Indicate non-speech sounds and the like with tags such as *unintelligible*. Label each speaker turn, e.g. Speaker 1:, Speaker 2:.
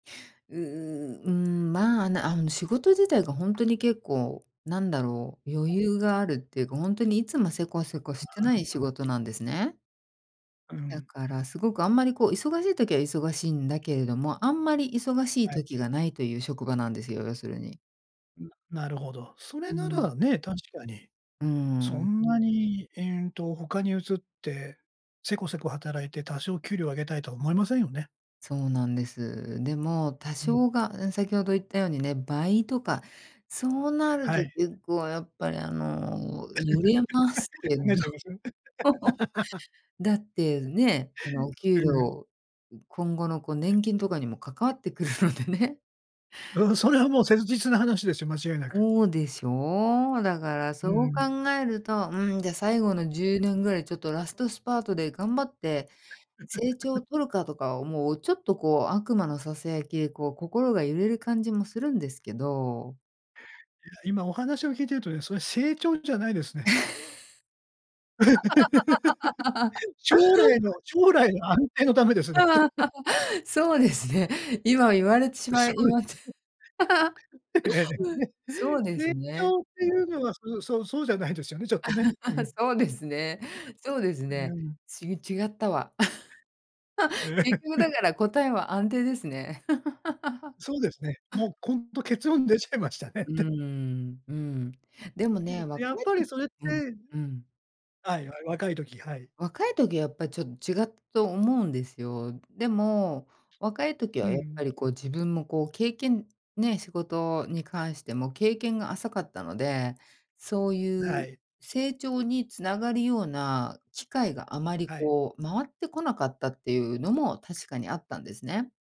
Speaker 1: うーん。ん、まあ、なあの、仕事自体がほんとに結構なんだろう、余裕があるっていうか、ほんとにいつもセコセコしてない仕
Speaker 2: *unintelligible*
Speaker 1: 事なんですね。
Speaker 2: う
Speaker 1: だ
Speaker 2: ん。
Speaker 1: からすごくあんまりこう、忙しい時は忙しいんだけれども、あんまり忙しい
Speaker 2: はい。
Speaker 1: 時が無いという職場なんですよ、要するに。
Speaker 2: ん、なるほど。それ
Speaker 1: う
Speaker 2: な
Speaker 1: ん。
Speaker 2: らね、確かに。
Speaker 1: う
Speaker 2: そ
Speaker 1: ん。
Speaker 2: んなに、え、うんと他に移って、セコセコ働いて多少給料を上げたいとは思いませんよね。
Speaker 1: そうなんです。でも多
Speaker 2: うん。
Speaker 1: 少がう、先ほど言ったようにね、倍とかそうなる
Speaker 2: は
Speaker 1: と
Speaker 2: い。
Speaker 1: 結構やっぱりあの揺れます
Speaker 2: *laughs*
Speaker 1: けど。
Speaker 2: 考えちゃい
Speaker 1: *laughs*
Speaker 2: ます？*laughs*
Speaker 1: だってね、あのお給
Speaker 2: うん。
Speaker 1: 料ん今後のこう年金とかにも関わってくるのでね。
Speaker 2: うん、それはもう切実な話ですよ、間違いなく。
Speaker 1: ほうでしょう？だからそ
Speaker 2: う
Speaker 1: う
Speaker 2: ん。
Speaker 1: 考えると、「うん、じゃ最後の10年ぐらい、ちょっとラストスパートで頑張って成長を
Speaker 2: *laughs*
Speaker 1: 取るか」とかを、もうちょっとこう悪魔の囁きでこう、心が揺れる感じもするんですけど。
Speaker 2: いや、今お話を聞いているとね、それ、成長じゃないですね。*laughs* 将来の
Speaker 1: *laughs*
Speaker 2: 将来の安定のためですねって。
Speaker 1: ああ、
Speaker 2: *chuckles*
Speaker 1: *laughs* そうですね、今言われてし
Speaker 2: で、
Speaker 1: ま
Speaker 2: 将
Speaker 1: い、い
Speaker 2: 来
Speaker 1: まて *laughs*
Speaker 2: *laughs* ええ、ね。
Speaker 1: そうです
Speaker 2: 成
Speaker 1: ね。
Speaker 2: 長っていうのは、そうそうそうじゃないですよね、ちょっとね。うん。
Speaker 1: *laughs* そうですね。そうです
Speaker 2: *laughs* う
Speaker 1: ね。
Speaker 2: ん。
Speaker 1: ち違ったわ。*laughs*
Speaker 2: え
Speaker 1: 結局だ
Speaker 2: え。
Speaker 1: から答えは安定ですね。*laughs*
Speaker 2: そうですね。もう今度結論出ちゃいましたねっ
Speaker 1: うー
Speaker 2: て。
Speaker 1: ん、うん。でも
Speaker 2: う
Speaker 1: ね、
Speaker 2: ん、やっ
Speaker 1: 若い
Speaker 2: ぱり
Speaker 1: と
Speaker 2: それって
Speaker 1: うん、うん。
Speaker 2: はい、や、若い時、はい。
Speaker 1: 若い時はやっぱちょっ違ったと思うんですよ。でも、若い時
Speaker 2: う
Speaker 1: はやっぱ
Speaker 2: ん。
Speaker 1: りこう自分もこう経験、ね、仕事に関しても経験が浅かったので、そうい
Speaker 2: は
Speaker 1: う
Speaker 2: い。
Speaker 1: 成長に繋がるような機会があまり
Speaker 2: あい。
Speaker 1: こう、回ってこなかったっていうのも確かにあったんですね。